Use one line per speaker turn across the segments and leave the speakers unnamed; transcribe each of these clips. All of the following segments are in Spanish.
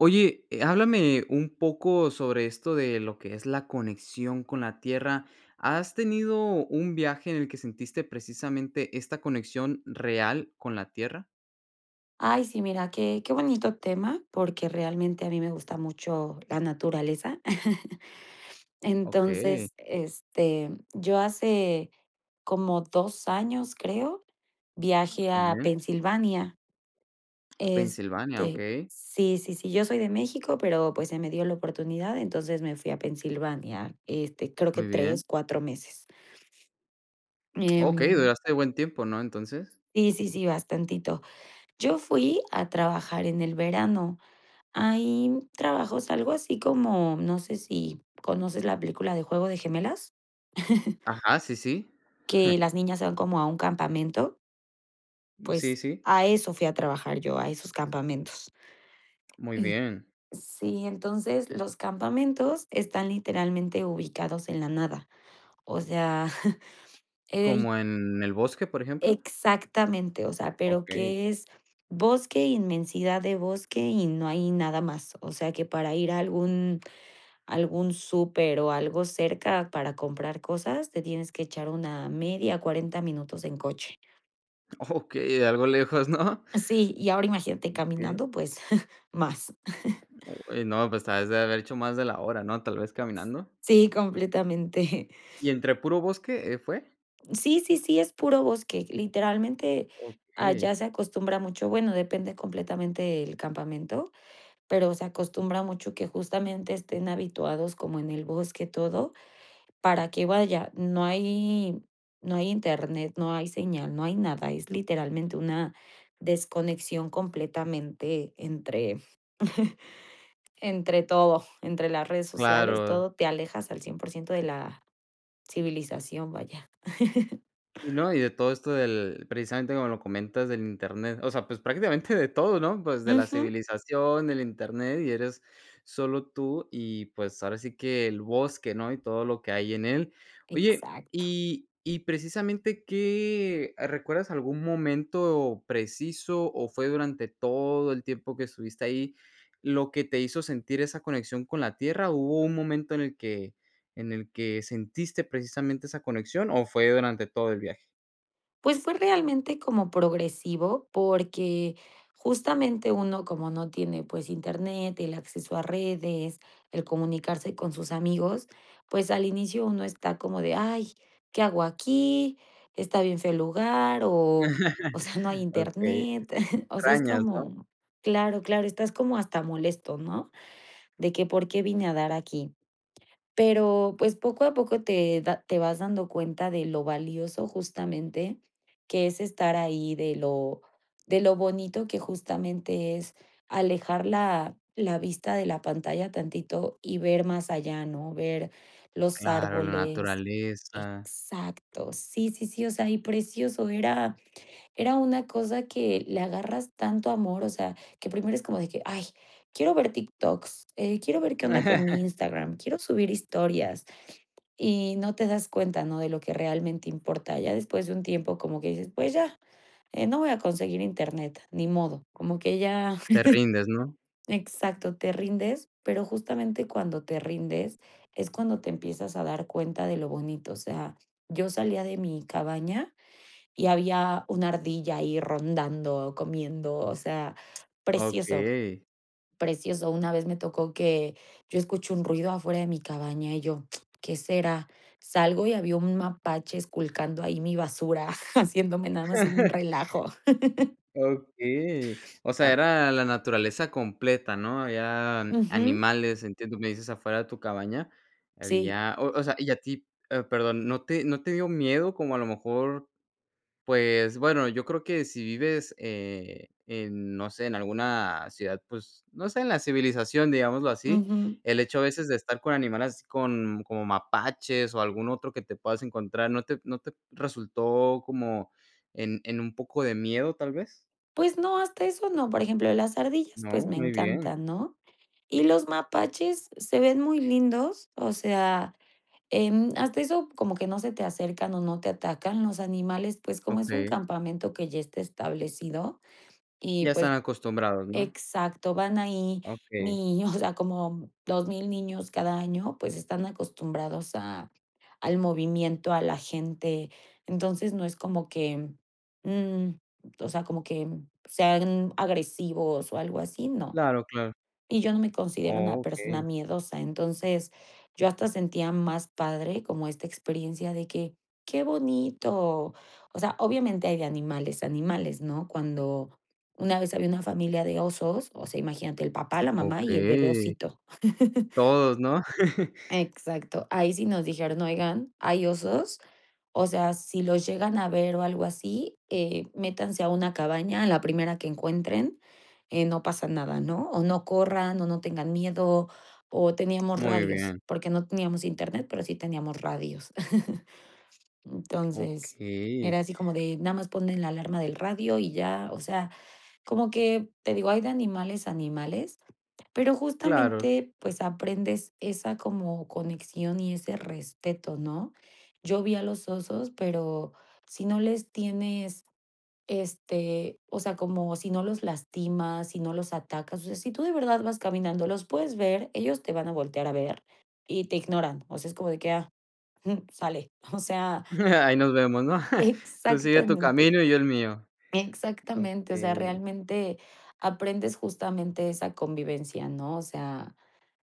Oye, eh, háblame un poco sobre esto de lo que es la conexión con la tierra, ¿has tenido un viaje en el que sentiste precisamente esta conexión real con la tierra?
Ay, sí, mira, qué qué bonito tema, porque realmente a mí me gusta mucho, la naturaleza.
Okey.
Entonces, este, yo hace, como 2 años, creo,
Oh,
viajé
muy
a
bien
Pensilvania.
Pensilvania,
Este,
okey.
sí, sí, sí, yo soy de México, pero, pues se me dio la oportunidad. Entonces me fui a Pensilvania, este, creo que
Muy bien.
3, 4 meses.
Okey,
Em
duraste buen tiempo, ¿no? Entonces.
Sí, sí, sí, bastantito. Yo fui a trabajar en el verano. Hay trabajos, algo así como, no sé, si, ¿conoces la película de Juego de Gemelas?
Ajá, sí, sí.
Que las niñas se van como a un campamento.
Mm, sí,
Pues,
sí.
a eso fui a trabajar yo, a esos campamentos.
Muy bien.
Sí, entonces los campamentos están literalmente ubicados en la nada, o sea, eh, y
¿Como en el bosque, por ejemplo?
Exactamente, o sea, pero
Okey.
que es bosque, inmensidad de bosque, y no hay nada más. O sea que para ir a algún algún súper o algo cerca para comprar cosas, te tienes que echar una media, 40 minutos en coche.
Okey, algo lejos, ¿no?
Sí, y ahora imagínate
Okey.
caminando, pues más.
Oye, no, pues, te has de haber hecho más de la hora, ¿no?, tal vez
S
caminando.
sí, completamente.
¿Y entre puro bosque, eh, fue?
Sí, sí, sí, es puro bosque. Literalmente, allá
Okey.
se acostumbra mucho, bueno, depende completamente el campamento, pero se acostumbra mucho que justamente estén habituados como en el bosque todo, para que, vaya, no hay no hay Internet, no hay señal, no hay nada, es literalmente una desconexión completamente entre entre todo, entre las redes sociales,
Claro.
todo, te alejas al 100% de la civilización, vaya.
Sí, no, y de todo esto, del, precisamente, como lo comentas, del Internet, o sea, pues, prácticamente de todo, ¿no?, pues de la
Ujú.
civilización, del Internet, y eres solo tú y, pues, ahora sí que el bosque, ¿no?, y todo lo que hay en él. Oye,
Exacto.
y y precisamente, ¿qué, ah, recuerdas algún momento preciso, o fue durante todo el tiempo que estuviste ahí lo que te hizo sentir esa conexión con la tierra, o hubo un momento en el que en el que sentiste precisamente esa conexión, o fue durante todo el viaje?
Pues, fue realmente como progresivo porque justamente uno como no tiene pues internet, el acceso a redes, el comunicarse con sus amigos, pues, al inicio uno está como de: "Ay, ¿qué hago aquí? Está bien feo el lugar". O, o sea no hay
Okey. Sí,
internet, o sea es
extrañas, ¿no?
como claro, claro, estás como hasta molesto, ¿no? De que por qué vine a dar aquí. Pero pues, poco a poco te da te vas dando cuenta de lo valioso justamente que es estar ahí, de lo de lo bonito que justamente es alejar la la vista de la pantalla tantito y ver más allá, ¿no?, ver los
Claro, la
árboles
naturaleza.
Exacto, sí, sí, sí, o sea, y precioso, era era una cosa que le agarras tanto amor, o sea, que primero es como de que: "Ay, quiero ver TikToks, eh, quiero ver qué onda con mi Instagram, quiero subir historias", y no te das cuenta, ¿no? De lo que realmente importa. Ya después de un tiempo como que dices: "Pues ya, eh, no voy a conseguir internet, ni modo", como que ya
Te rindes, ¿no?
exacto, te rindes, pero justamente cuando te rindes es cuando te empiezas a dar cuenta de lo bonito. O sea, yo salía de mi cabaña y había una ardilla ahí rondando o comiendo, o sea, precioso,
Okey.
precioso. Una vez me tocó que yo escucho un ruido afuera de mi cabaña, y yo: "¿Qué será?" Salgo y había un mapache esculcando ahí mi basura, haciéndome nada más un relajo.
Okey. O sea, era la naturaleza completa, ¿no? Habían
Ujú.
animales, entiendo, me dices afuera de tu cabaña,
Sí.
había, o o sea, y a ti eh, perdón, ¿no te no te dio miedo como a lo mejor Pues bueno, yo creo que si vives, eh, en no sé, en alguna ciudad, pues no sé, en la civilización, digámoslo así,
Ujú.
el hecho a veces de estar con animales así con como mapaches o algún otro que te puedas encontrar, ¿no te no te resultó como en en un poco de miedo, tal vez?
Pues no, hasta eso no, por ejemplo, las ardillas, pues,
¿No?
me
Muy bien.
encantan, ¿no? Y los mapaches se ven muy lindos, o sea, em, hasta eso, como que no se te acercan o no te atacan, los animales, pues, como es un
Okey.
campamento que ya está establecido y
Ya
pues
están acostumbrados, ¿no?
exacto, van ahí
Okey.
ni o sea, como 2000 niños cada año, pues están acostumbrados a al movimiento, a la gente. Entonces no es como que, mm, o sea, como que sean agresivos o algo así, no.
Claro, claro.
Y yo no me considero
Oh,
una persona
okey.
miedosa. Entonces, yo hasta sentía más padre, como esta experiencia de que: "Qué bonito". O sea, obviamente hay de animales, animales, ¿no? Cuando, una vez había una familia de osos, o sea, imagínate el papá, la mamá y el bebé
Okey.
osito.
Todos, ¿no?
Exacto. Ahí sí nos dijeron: "Oigan, hay osos. O sea, si los llegan a ver o algo así, eh, métanse a una cabaña, a la primera que encuentren, eh, no pasa nada", ¿no? O no corran, o no tengan miedo, o teníamos
Muy
radios,
bien.
porque no teníamos Internet, pero sí teníamos radios. Entonces,
Okey.
era así como de nada más ponen la alarma del radio y ya, o sea, como que te digo, hay de animales a animales, pero
Claro.
justamente, pues, aprendes esa como conexión y ese respeto, ¿no? Yo vi a los osos pero si no les tienes, este, o sea como si no los lastimas, si no los atacas, o sea si tú de verdad vas caminando, los puedes ver, ellos te van a voltear a ver y te ignoran, o sea es como de que: "Ah, jum, sale". O sea
Ahí nos vemos, ¿no? Tú sigue tu
Exactamente,
camino y yo el mío.
exactamente. O sea,
Okey.
realmente aprendes justamente esa convivencia, ¿no? O sea,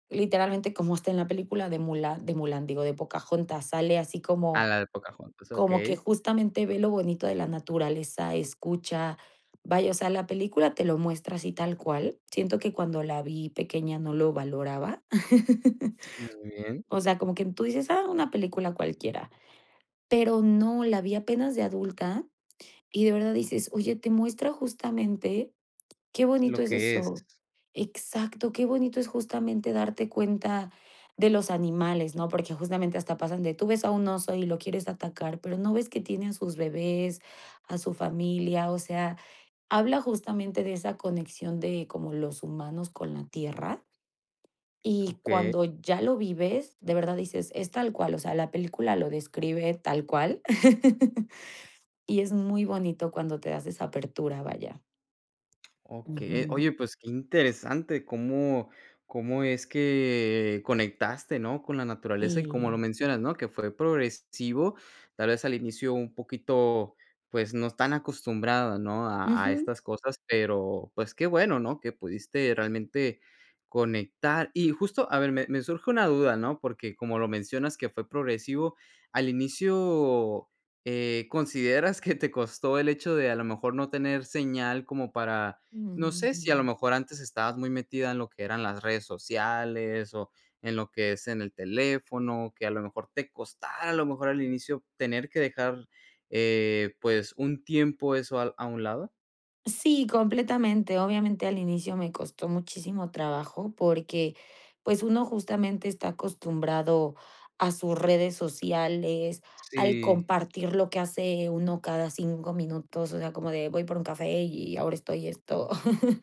literalmente como está en la película de Mulan de Mulan, digo, de Pocahontas, sale así
Ah,
como
la de Pocahontas,
como que
okey.
justamente ve lo bonito de la naturaleza, escucha, vaya, o sea, la película te lo muestra así tal cual. Siento que cuando la vi pequeña no lo valoraba.
Muy bien.
O sea, como que tú dices: "Ah, una película cualquiera", pero no, la vi apenas de adulta. Y de verdad dices: "Oye, te muestra justamente qué bonito
Lo
es
que es.
eso". Exacto, qué bonito es justamente darte cuenta de los animales, ¿no? Porque justamente hasta pasan de tú ves a un oso y lo quieres atacar, pero no ves que tiene a sus bebés, a su familia, o sea, habla justamente de esa conexión de como los humanos con la tierra. Y
Okey.
cuando ya lo vives, de verdad dices: "Es tal cual", o sea, la película lo describe tal cual. Y es muy bonito cuando te das esa apertura, vaya.
Okey,
Ujú.
oye, pues qué interesante. Cómo cómo es que conectaste, ¿no? Con la naturaleza, y como lo
Sí.
mencionas, ¿no? Que fue progresivo, tal vez, al inicio un poquito, pues, no tan acostumbrada, ¿no? A a
Ujú.
estas cosas, pero pues qué bueno, ¿no? Que pudiste realmente conectar. Y justo a ver, me me surge una duda, ¿no? Porque como lo mencionas que fue progresivo, ¿al inicio, eh, consideras que te costó el hecho de a lo mejor no tener señal como para, no
Ujú,
sé si a lo
ujú.
mejor antes estabas muy metida en lo que eran las redes sociales, o en lo que es en el teléfono, que a lo mejor te costara a lo mejor al inicio tener que dejar, eh, pues, un tiempo eso al a un lado?
Sí, completamente. Obviamente al inicio me costó muchísimo trabajo porque, pues, uno justamente está acostumbrado a sus redes sociales, al
Sí.
compartir lo que hace uno cada 5 minutos, o sea, como de voy por un café, y ahora estoy esto.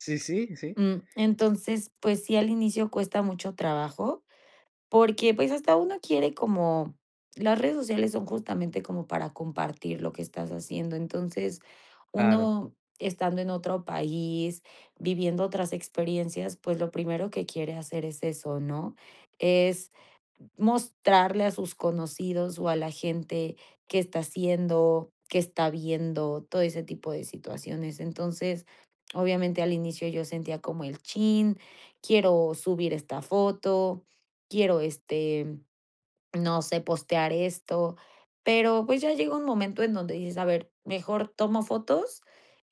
Sí, sí, sí.
Mm, entonces, pues, sí, al inicio cuesta mucho trabajo porque, pues, hasta uno quiere como las redes sociales son justamente como para compartir lo que estás haciendo. Entonces,
Claro.
uno estando en otro país, viviendo otras experiencias, pues, lo primero que quiere hacer es eso, ¿no? Es mostrarle a sus conocidos o a la gente qué está haciendo, qué está viendo, todo ese tipo de situaciones. Entonces, obviamente al inicio yo sentía como el chin, quiero subir esta foto, quiero, este, no sé, postear esto, pero, pues, ya llega un momento en donde dices: "A ver, mejor tomo fotos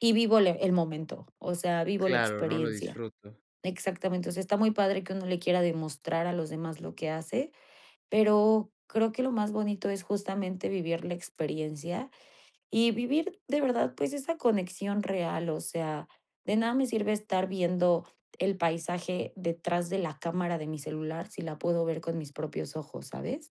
y vivo le el momento, o sea, vivo la
Claro, no lo
experiencia".
disfruto.
Exactamente. O sea, está muy padre que uno le quiera demostrar a los demás lo que hace, pero creo que lo más bonito es justamente vivir la experiencia y vivir de verdad, pues, esa conexión real. O sea, de nada me sirve estar viendo el paisaje detrás de la cámara de mi celular, si la puedo ver con mis propios ojos, ¿sabes?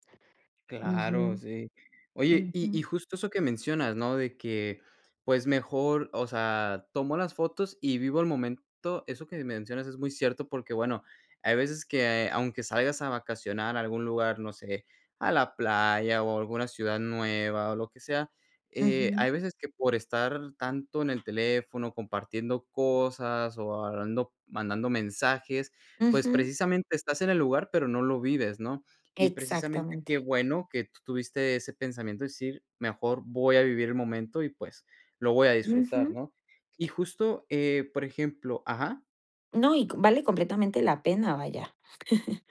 Claro,
Ujú.
sí. Oye, y
Ujú.
y justo eso que mencionas, ¿no? De que, pues, mejor, o sea, tomo las fotos y vivo el momento. Eso que me mencionas es muy cierto, porque bueno, hay veces que aunque salgas a vacacionar a algún lugar, no sé, a la playa, o alguna ciudad nueva, o lo que sea, eh,
Ujú.
hay veces que por estar tanto en el teléfono compartiendo cosas, o hablando mandando mensajes, pues,
Ujú.
precisamente estás en el lugar, pero no lo vives, ¿no? Y precisamente qué
Exactamente.
bueno que tú tuviste ese pensamiento de decir: "Mejor voy a vivir el momento y, pues, lo voy a disfrutar",
Ujú.
¿no? Y justo, eh, por ejemplo Ajá
No, y co vale completamente la pena, vaya.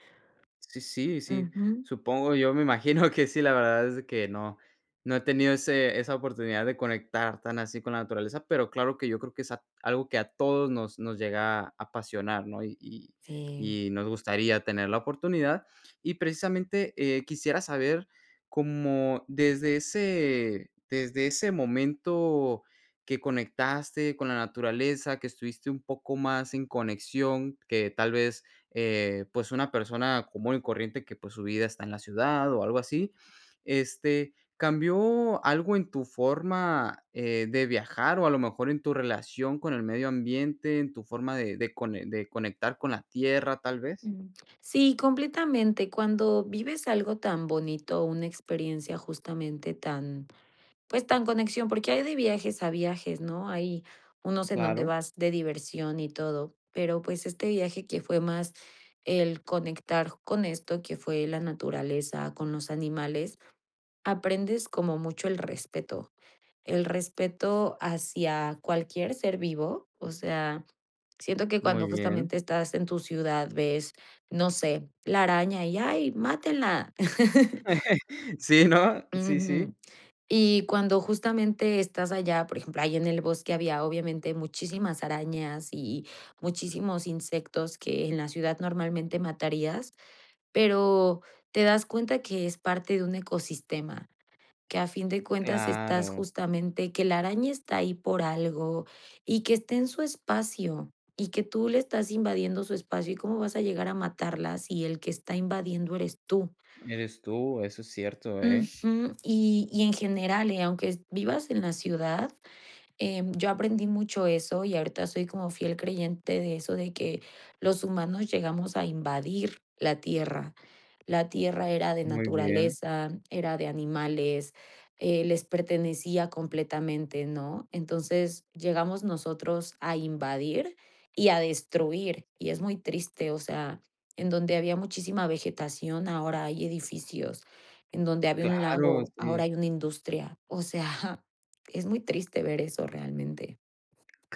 Sí, sí, sí,
Ujú.
supongo, yo me imagino que sí, la verdad es que no, no he tenido ese esa oportunidad de conectar tan así con la naturaleza, pero claro que yo creo que es a algo que a todos nos nos llega a apasionar, ¿no? Y y
Sí.
y nos gustaría tener la oportunidad. Y precisamente, eh, quisiera saber, como desde ese desde ese momento que conectaste con la naturaleza, que estuviste un poco más en conexión, que tal vez, eh, pues, una persona común y corriente que, pues, su vida está en la ciudad, o algo así. Este, ¿cambió algo en tu forma, eh, de viajar, o a lo mejor en tu relación con el medio ambiente, en tu forma de de cone de conectar con la tierra, tal vez?
Mm. Sí, completamente. Cuando vives algo tan bonito, una experiencia justamente tan, pues, tan conexión, porque hay de viajes a viajes, ¿no? Hay unos en donde
Claro.
vas de diversión y todo. Pero, pues, este viaje que fue más el conectar con esto, que fue la naturaleza, con los animales, aprendes como mucho el respeto. El respeto hacia cualquier ser vivo, o sea, siento que
Muy
cuando
bien.
justamente estás en tu ciudad ves, no sé, la araña y ay, mátenla.
Sí, ¿no? Sí, sí.
Ujú. Y cuando justamente estás allá, por ejemplo, ahí en el bosque había obviamente muchísimas arañas y muchísimos insectos que en la ciudad normalmente matarías. Pero te das cuenta que es parte de un ecosistema, que a fin de cuentas estás
Claro.
justamente que la araña está ahí por algo, y que está en su espacio, y que tú le estás invadiendo su espacio y cómo vas a llegar a matarla, si el que está invadiendo eres tú.
Eres tú, eso es cierto, eh.
Ujú. Y y en general, eh, aunque vivas en la ciudad, em, yo aprendí mucho eso, y ahorita soy como fiel creyente de eso de que los humanos llegamos a invadir la tierra. La tierra era de
Muy bien.
naturaleza, era de animales, eh, les pertenecía completamente, ¿no? Entonces llegamos nosotros a invadir y a destruir, y es muy triste, o sea, en donde había muchísima vegetación, ahora hay edificios, en donde había un
Claro,
lago,
sí.
ahora hay una industria. O sea, es muy triste ver eso realmente.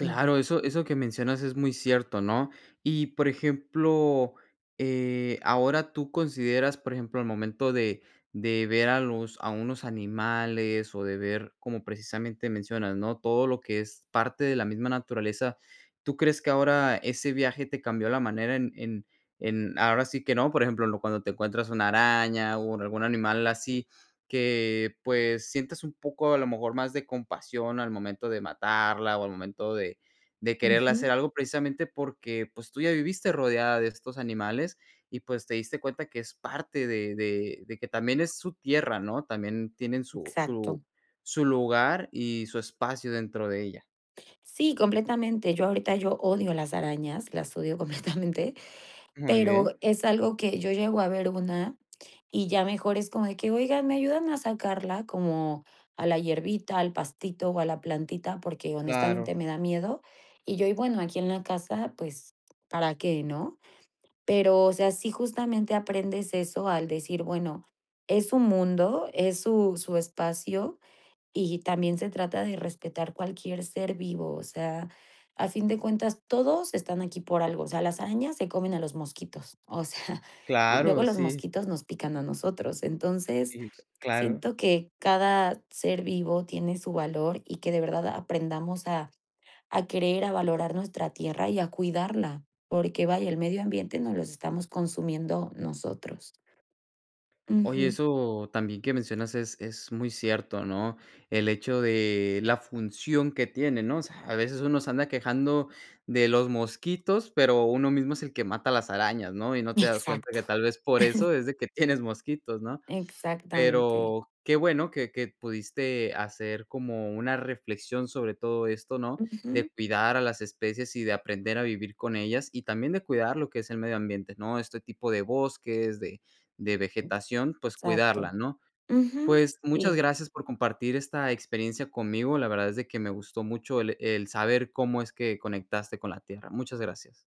Ujú.
eso eso que mencionas es muy cierto, ¿no? Y, por ejemplo, eh, ahora tú consideras, por ejemplo, al momento de de ver a los a unos animales, o de ver como precisamente mencionas, ¿no? Todo lo que es parte de la misma naturaleza, ¿tú crees que ahora ese viaje te cambió la manera en en en ahora sí que no? Por ejemplo, en lo cuando te encuentras una araña, o en algún animal así, que, pues, sientes un poco a lo mejor más de compasión al momento de matarla, o al momento de de quererle hacer
Ujú.
algo, precisamente porque, pues, tú ya viviste rodeada de estos animales y, pues, te diste cuenta que es parte de de de que también es su tierra, ¿no? También tienen su
Exacto.
su su lugar y su espacio dentro de ella.
Sí, completamente. Yo ahorita, yo odio las arañas, las odio completamente,
Muy
pero
bien.
es algo que yo llego a ver una, y ya mejor es como de que oiga me ayudan a sacarla como a la hierbita, al pastito o a la plantita, porque
Claro.
honestamente me da miedo, y yo y bueno aquí en la casa, pues, para qué, ¿no? Pero, o sea, sí justamente aprendes eso, al decir bueno, es su mundo, es su su espacio y también se trata de respetar cualquier ser vivo, o sea, a fin de cuentas todos están aquí por algo, o sea, las arañas se comen a los mosquitos, o sea,
Claro,
luego los
sí.
mosquitos nos pican a nosotros, entonces
Y, [unintelligible] claro.
siento que cada ser vivo tiene su valor y que de verdad aprendamos a a querer, a valorar nuestra tierra y a cuidarla. Porque vaya, el medio ambiente nos los estamos consumiendo nosotros.
Oye,
Ujú.
eso también que mencionas es es muy cierto, ¿no? El hecho de la función que tiene, ¿no? O sea, a veces uno se anda quejando de los mosquitos, pero uno mismo es el que mata las arañas, ¿no? Y no te das cuenta
Exacto.
que tal vez, por eso es de que tienes mosquitos, ¿no?
Exactamente.
Pero qué bueno que que pudiste hacer como una reflexión sobre todo esto, ¿no?
Ujú.
De cuidar a las especies y de aprender a vivir con ellas, y también de cuidar lo que es el medio ambiente, ¿no? Este tipo de bosques, de de vegetación, pues, cuidarla,
Exacto.
¿no?
Ujú.
Pues, muchas
Sí.
gracias por compartir esta experiencia conmigo. La verdad es de que me gustó mucho el el saber cómo es que conectaste con la tierra. Muchas gracias.